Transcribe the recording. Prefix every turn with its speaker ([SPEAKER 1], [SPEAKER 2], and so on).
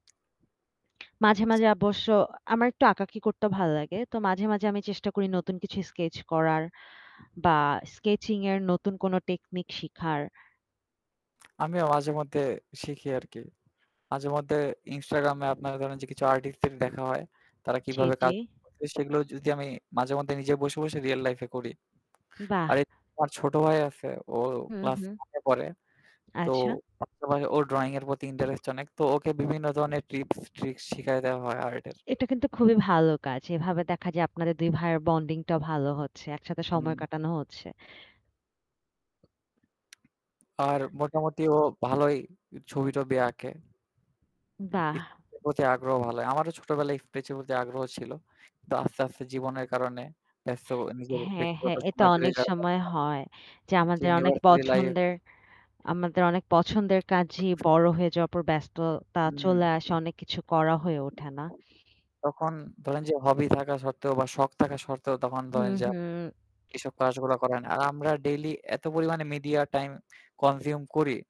[SPEAKER 1] মাঝে, মাঝে অবশ্য আমার একটু আঁকাআঁকি করতেও ভালো লাগে। তো মাঝে, মাঝে আমি চেষ্টা করি নতুন কিছু স্কেচ করার বা স্কেচিং এর নতুন কোন টেকনিক শিখার।
[SPEAKER 2] আমিও মাঝেমধ্যে শিখি আরকি। মাঝেমধ্যে ইনস্টাগ্রাম এ আপনার ধরেন যে কিছু আর্টিস্ট দের দেখা হয় তারা
[SPEAKER 1] জ্বি,
[SPEAKER 2] কিভাবে কাজ
[SPEAKER 1] জ্বি।
[SPEAKER 2] গুলো করে সেগুলো যদি আমি মাঝেমধ্যে নিজে বসে, বসে রিয়াল লাইফ এ করি।
[SPEAKER 1] বাহ!
[SPEAKER 2] আর [unintelligible] আমার ছোট ভাই আছে। ও
[SPEAKER 1] হু,
[SPEAKER 2] ক্লাস
[SPEAKER 1] হু।
[SPEAKER 2] 1 এ পড়ে। তো
[SPEAKER 1] আচ্ছা।
[SPEAKER 2] [unintelligible] ওর ড্রয়িং এর প্রতি ইন্টারেস্ট অনেক। তো ওকে বিভিন্ন ধরনের ট্রিপস, ট্রিকস শিখায় দেয়া হয় আর্ট এর।
[SPEAKER 1] এটা কিন্তু খুবই ভালো কাজ। এভাবে দেখা যায় আপনাদের 2 ভাইয়ের বন্ডিং টাও ভালো হচ্ছে। একসাথে সময়
[SPEAKER 2] হুম।
[SPEAKER 1] কাটানো হচ্ছে।
[SPEAKER 2] আর মোটামুটি ও ভালই ছবি-টবি আঁকে।
[SPEAKER 1] বাহ!
[SPEAKER 2] এরপ্রতি আগ্রহ ভাল হয়। আমারও ছোটবেলায় স্কেচ প্রতি আগ্রহ ছিল। কিন্তু আস্তে, আস্তে জীবনের কারণে ব্যস্ত নিজের
[SPEAKER 1] হ্যাঁ,
[SPEAKER 2] ব্যক্তিগত
[SPEAKER 1] হ্যাঁ এটা
[SPEAKER 2] সময় বেড়ে
[SPEAKER 1] অনেক
[SPEAKER 2] যাওয়ার
[SPEAKER 1] সময়
[SPEAKER 2] [unintelligible]
[SPEAKER 1] হয় যে আমাদের অনেক
[SPEAKER 2] ইউনিভার্সিটি লাইফ
[SPEAKER 1] পছন্দের আমাদের অনেক পছন্দের কাজেই বড় হয়ে যাওয়ার পর ব্যস্ততা
[SPEAKER 2] হুম।
[SPEAKER 1] চলে আসে অনেক কিছু করা হয়ে ওঠে না।
[SPEAKER 2] তখন ধরেন যে হবি থাকা সত্ত্বেও বা শখ থাকা শর্তেও তখন ধরেন
[SPEAKER 1] হুম,
[SPEAKER 2] যে আপ
[SPEAKER 1] হুম।
[SPEAKER 2] এসব কাজগুলা করে না। আর আমরা ডেইলি এত পরিমাণে মিডিয়া টাইম কনজিউম করি।